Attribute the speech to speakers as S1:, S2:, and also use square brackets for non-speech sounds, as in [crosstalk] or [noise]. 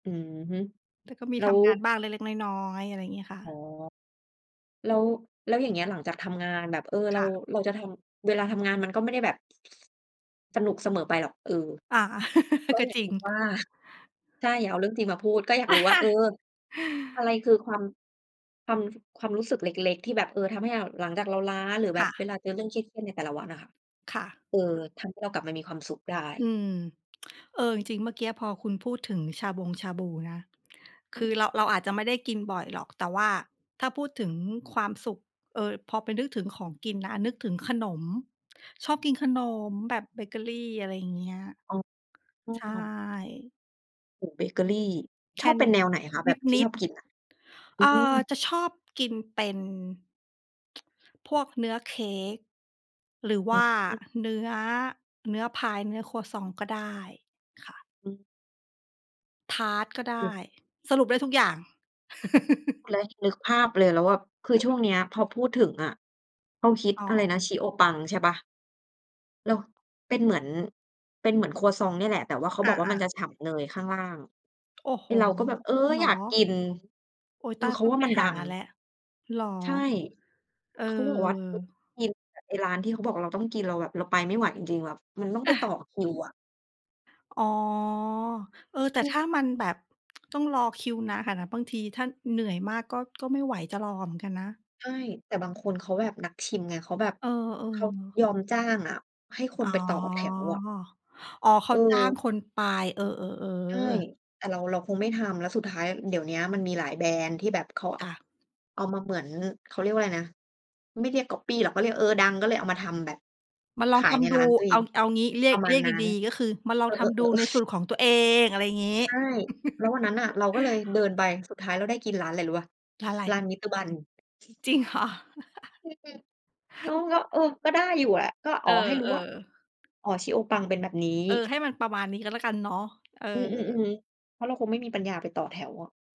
S1: อือฮึ
S2: แต่ก็มี
S1: แล้
S2: ท
S1: ว
S2: ำงานบ้างเล็ก ๆ น้อย ๆ อะไรอย่างเงี้ยค่
S1: อ๋
S2: ะ
S1: อ แล้ว แล้วอย่างเงี้ยหลังจากทำงานแบบ เออ เร
S2: ค
S1: า
S2: ่ะ
S1: เราจะทำ เวลาทำงานมันก็ไม่ได้แบบ สนุกเสมอไปหรอก เออ
S2: อา
S1: ก
S2: [laughs]
S1: ็
S2: ก็
S1: อยา
S2: จ
S1: ก
S2: ริ
S1: ร
S2: ง
S1: ู้ว่า ใช่ อย่าเอาเรื่องจริงมาพูด ก็อยากรู้ว่า เออ
S2: [laughs]
S1: อะไรคือความ ความ ความรู้สึกเล็ก ๆ ที่แบบ เออ ทำให้หลังจากเราล้าหรือแ
S2: ค
S1: บ
S2: ่
S1: บ
S2: ะ
S1: เวลาเจอเรื่องเครียด ๆ ในแต่ละวันน่ะค่ะ
S2: ค่ะ
S1: เออ ทำให้เรากลับมามีความสุขได
S2: อื
S1: ้?
S2: ม [tsk] เออ จริง ๆ เมื่อกี้พอคุณพูดถึงชาบงชาบูนะ ค
S1: อื
S2: ือ
S1: ม
S2: เรา เราอาจจะไม่ได้กินบ่อยหรอก แต่ว่าถ้าพูดถึงความสุข เออ พอไปนึกถึงของกินนะ นึกถึงขนม ชอบกินขนมแบบเบเกอรี อะไรอย่างเงี้ย
S1: อ๋
S2: ใช่
S1: อ โอ้! เบเกอรี
S2: แค
S1: ช
S2: ่
S1: อบเ
S2: น
S1: ป็
S2: ิ
S1: น
S2: ด
S1: แนวไหนคะแบบที
S2: น
S1: ่
S2: ิ
S1: ช
S2: ด ๆ
S1: อบกินน่ะ? อ
S2: เ
S1: ื
S2: อ่อ
S1: ม
S2: จะชอบกินเป็น [tsk] พวกเนื้อเค้ก หรือว
S1: อื
S2: ่า
S1: ม
S2: เนื้อ เนื้อพาย เนื้อครัวซองต์ก็ได้ค่ะ
S1: อืม
S2: ทาร์ตก็ได
S1: อื
S2: ้
S1: ม
S2: สรุปได้ทุกอย่าง [laughs]
S1: แล้วนึกภาพเลยแล้วแบบ คือช่
S2: [chuckles]
S1: วงเนี้ยพอพูดถึงอะ เขาฮิต
S2: อ๋
S1: อะไร
S2: อ
S1: นะ ชิโอะปังใช่เปล่า? แล้วเป็นเหมือน เป็นเหมือนครัวซองต์เนี่ยแหละ แต่เขา
S2: อ
S1: บอกว่าม
S2: า
S1: ัน
S2: ๆ
S1: จะฉ่ำเนยข้างล่าง
S2: โอ้โฮ!
S1: ไอ้เราก็แบบ เออ
S2: จริงเหร
S1: อย
S2: อ?
S1: ากกิน
S2: โอ๊ย
S1: ค
S2: ต
S1: ือ
S2: าย
S1: เข
S2: ต
S1: า
S2: ้อง
S1: ว่
S2: ไ
S1: า
S2: ป
S1: มันด
S2: ห
S1: ั
S2: า
S1: ง
S2: แล้ว เหรอ?
S1: ใช่
S2: เอ
S1: เขาบอกว่า
S2: อ
S1: [unintelligible] ไอ้ร้านที่เขาบอกว่าเราต้องกิน เราแบบเราไปไม่ไหวจริง ๆ แบบมันต้องไปต่
S2: [chuckles]
S1: อคิวอะ
S2: อ๋อ เออ แต่
S1: อื
S2: ถ้า
S1: ม
S2: มันแบบ [tsk] ต้องรอคิวนานขนาดนั้น บางทีถ้าเหนื่อยมากก็ ก็ไม่ไหวจะรอเหมือนกันนะ
S1: ใช่ แต่บางคนเขาแบบนักชิมไง เขาแบบ
S2: เอ
S1: เขา
S2: อ ๆ
S1: ยอมจ้างอะ ให้ค
S2: อ๋
S1: น
S2: อ
S1: ไปต่อแถวอะ
S2: อ๋อ เขาจ้าง
S1: เออ
S2: คนไป เออ
S1: ใช่
S2: ๆ ๆ
S1: แต่เรา เราคงไม่ทำ แล้วสุดท้ายเดี๋ยวเนี้ย มันมีหลายแบรนด์ที่แบบเขา
S2: ค่ะ
S1: เอามาเหมือน เขาเรียกว่าอะไรนะ ไม่เรียกก๊อบปี้หรอก เขาเรียก เออ ดังก็เลยเอามาทำแบบ
S2: มาล
S1: ข
S2: อง
S1: า
S2: ท
S1: ยใน
S2: ำดู
S1: ร้านตัวเอ
S2: เอ
S1: ง
S2: า เอางี้ เรี
S1: ป
S2: ยก
S1: ระม
S2: เ
S1: า
S2: รี
S1: ณ
S2: ยก
S1: นั้น
S2: ดี ๆ ก็คือมาล
S1: เ
S2: อ
S1: อ
S2: งทำด
S1: อ
S2: ูใน
S1: ๆ
S2: ส่ว
S1: ๆ ๆ
S2: นของตัวเอง อะไรอย่างงี้
S1: ใช่ แล้ววันนั
S2: [chuckles]
S1: ้นน่ะเราก็เลยเดินไป สุดท้ายเราได้กินร้านอะไรรู้เปล่า?
S2: ร้านไร?
S1: ร้านมิสเตอร์บัน
S2: จริง เหรอ
S1: [unintelligible] แล้ว
S2: [chuckles]
S1: แล้ว เออ ก็ได้อยู่แหละ ก็
S2: เ
S1: อ
S2: อ
S1: ๋อ
S2: อ
S1: ให้รู้ว่า
S2: ๆ
S1: อ๋อ ชิโอะปังเป็นแบบนี้
S2: เออ ให้มันประมาณนี้ก็แล้วกันเนาะ เออ
S1: อืม ๆ ๆ เพราะเราคงไม่มีปัญญาไปต่อแถวอะ